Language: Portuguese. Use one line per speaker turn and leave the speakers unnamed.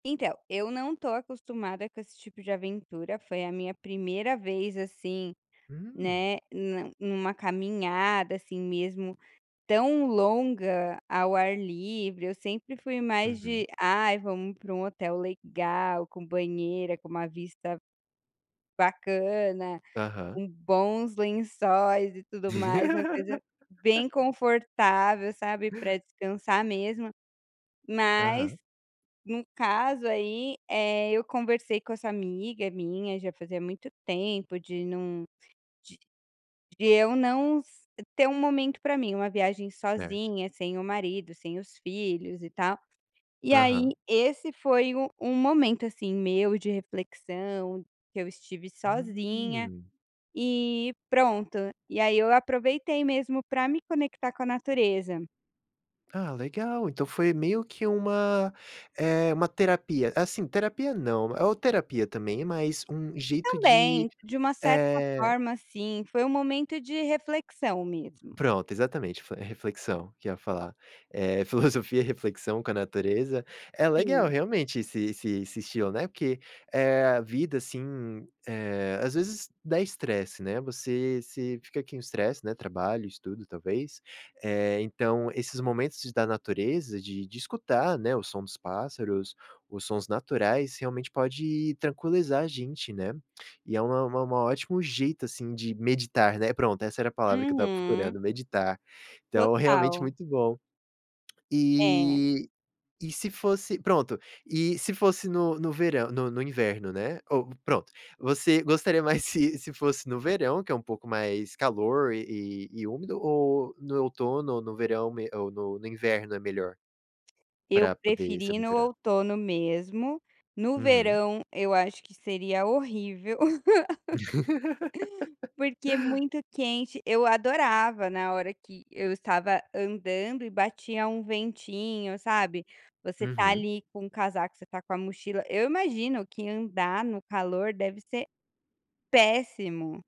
Então, eu não tô acostumada com esse tipo de aventura, foi a minha primeira vez, assim,
Hum.
né, na numa caminhada, assim, mesmo, tão longa ao ar livre, eu sempre fui mais de:
Uhum.
"Ai vamos pra um hotel legal, com banheira, com uma vista bacana,
Aham.
com bons lençóis e tudo mais", uma coisa bem confortável, sabe, pra descansar mesmo, mas
Aham.
no caso aí, eh, eu conversei com essa amiga minha, já fazia muito tempo de num de de eu não s ter um momento pra mim, uma viagem
Certo.
sozinha, sem o marido, sem os filhos e tal, e aí
Aham.
esse foi o o momento, assim, meu de reflexão, que eu estive sozinha,
Hum!
eh, pronto, e aí eu aproveitei, mesmo, pra me conectar com a natureza.
Ah, legal então foi meio que uma, eh, uma terapia, assim, terapia não, ou terapia também, mas um jeito de,
Também, de uma certa
eh
forma, sim, foi um momento de reflexão mesmo.
Pronto, exatamente. Fle reflexão, que eu ia falar, eh, filosofia, reflexão com a natureza, é legal,
Sim.
realmente, esse esse esse estilo, né, porque é a vida, assim, eh, as vezes dá estresse, né, você se fica aqui um estresse, né, trabalho, estudo ,talvez, eh, então esses momentos da natureza, de de escutar, né, o som dos pássaros, os sons naturais, realmente pode tranquilizar a gente, né, e é uma uma uma ótimo jeito, assim, de meditar, né, pronto, essa era a palavra que eu tava
Uhum.
procurando, "meditar". Então, realmente
Total.
muito bom.
É.
Eh, e se fosse, pronto, e se fosse no no verã no no inverno, né, ou, pronto, você gostaria mais se se fosse no verão, que é um pouco mais calor e e úmido ou no outono ou no verão mê ou no no inverno é melhor,
Eu
pra poder se
preferi ir no
aventurar?
outono mesmo, no
Uhum.
verão eu acho que seria horrível, porque é muito quente, eu adorava na hora que eu estava andando e batia um ventinho, sabe, você tá
Uhum.
ali com casaco, você tá com a mochila, eu imagino que andar no calor deve ser péssimo!